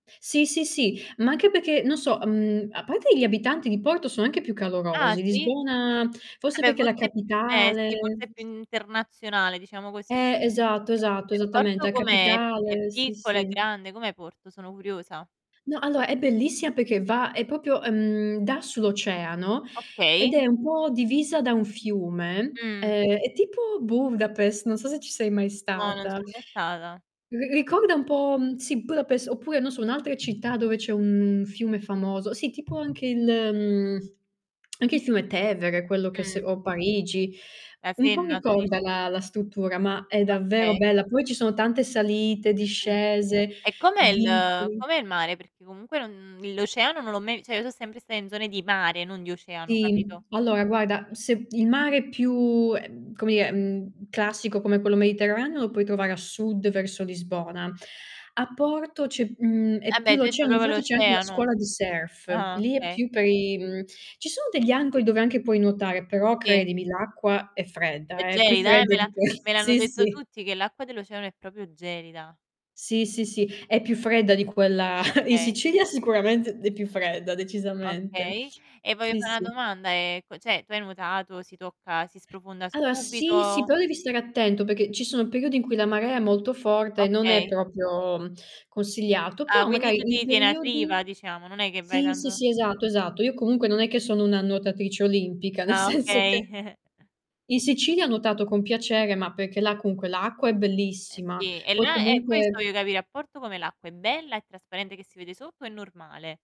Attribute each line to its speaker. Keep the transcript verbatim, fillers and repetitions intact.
Speaker 1: Sì, sì, sì, ma ache peché non so, mhmm, a pate gli abitanti di Porto sono anche più
Speaker 2: Ah,
Speaker 1: calorosi.
Speaker 2: sì?
Speaker 1: Lisbona
Speaker 2: Ah,
Speaker 1: forse
Speaker 2: beh
Speaker 1: perché è la
Speaker 2: forse più eh, sì
Speaker 1: capitale.
Speaker 2: forse è più internazionale diciamo così.
Speaker 1: Eh, esatto, esatto,
Speaker 2: P
Speaker 1: esattamente,
Speaker 2: Porto
Speaker 1: a
Speaker 2: com'è? È è
Speaker 1: capitale, sì,
Speaker 2: piccola, è
Speaker 1: sì.
Speaker 2: grande, com'è Porto? Sono curiosa. Okay.
Speaker 1: No, alloa è bellissima perché va è popio ehm, da sull'oceano ed
Speaker 2: Okay.
Speaker 1: è un po' divisa da un fiume,
Speaker 2: Mh.
Speaker 1: ehm, è tipo Buvdapes, non so se ci sei mai
Speaker 2: No, non
Speaker 1: stata.
Speaker 2: sono mai stata.
Speaker 1: Ri ricorda un po', mhmm, sì, Budapes, oppure, non so, un'altra città dove c'è un fiume famoso, sì, tipo anche il uhm, anche il fiume Tevere quello che se
Speaker 2: Mh.
Speaker 1: o Parigi,
Speaker 2: La
Speaker 1: un po'
Speaker 2: Senna tu dici?
Speaker 1: ricorda la la struttura, ma è davvero
Speaker 2: Okay.
Speaker 1: bella. Poi ci sono tante salite,
Speaker 2: Mh-mh.
Speaker 1: discese,
Speaker 2: E com'è il
Speaker 1: vicoli.
Speaker 2: com'è il mare? Perché comunque non mhmm, l'oceano non l'ho mai vi ceh io so' sempre sta in zone di mare, non di
Speaker 1: S
Speaker 2: oceano,
Speaker 1: sì,
Speaker 2: capito?
Speaker 1: mh. Allora guarda, se il mare è più ehm, come dire, mhmm, classico come quello Mediterraneo, lo puoi trovare a sud verso Lisbona. A Porto c'è mhmm,
Speaker 2: Eh,
Speaker 1: è più
Speaker 2: beh, tu hai detto
Speaker 1: l'oceano,
Speaker 2: propo
Speaker 1: infatti c'è anche una
Speaker 2: l'oceano.
Speaker 1: scuola di surf.
Speaker 2: Ah,
Speaker 1: Lì é
Speaker 2: okay.
Speaker 1: più per i mhmm, ci sono degli angoi dove anche puoi nuotare, però
Speaker 2: Sì.
Speaker 1: credimi l'acqua è
Speaker 2: È
Speaker 1: fredda, eh, più
Speaker 2: gelida, eh, me
Speaker 1: fredda
Speaker 2: la
Speaker 1: di que
Speaker 2: me l'hanno
Speaker 1: sì,
Speaker 2: detto
Speaker 1: sì.
Speaker 2: tutti che l'acqua dell'oceano è propio gelida.
Speaker 1: Sì, sì, sì, è più fredda di quella in
Speaker 2: Okay.
Speaker 1: Sicilia sicuramente è più fredda decisamente.
Speaker 2: Okay, e voglio
Speaker 1: Sì,
Speaker 2: fa na
Speaker 1: sì.
Speaker 2: domanda, ehm, co ceh tu hai nuotato, si tocca, si sprofonda
Speaker 1: aloa, sì, sì,
Speaker 2: subito?
Speaker 1: però devi stare attento, pecchè ci sono periodi in cui la marea è molto forte e non è
Speaker 2: Okay.
Speaker 1: propio, mhmm, consigliato,
Speaker 2: Ah,
Speaker 1: però
Speaker 2: quindi
Speaker 1: magai
Speaker 2: tu
Speaker 1: in
Speaker 2: ti tieni a
Speaker 1: periodi
Speaker 2: riva diciamo, non è che vai
Speaker 1: sì, sì,
Speaker 2: tanto
Speaker 1: sì, esatto, esatto. Io comunque non è che sono una nuotatrice olimpica, nel
Speaker 2: Ah,
Speaker 1: senso che
Speaker 2: okay.
Speaker 1: in Sicilia ho nuotato con piacere, ma perché là cunque l'acqua è
Speaker 2: Eh
Speaker 1: bellissima,
Speaker 2: sì, e
Speaker 1: poi
Speaker 2: là eh, questo
Speaker 1: comunque
Speaker 2: voglio capì: a Porto com'è l'acqua è bella e trasparente che si vede sotto o è normale?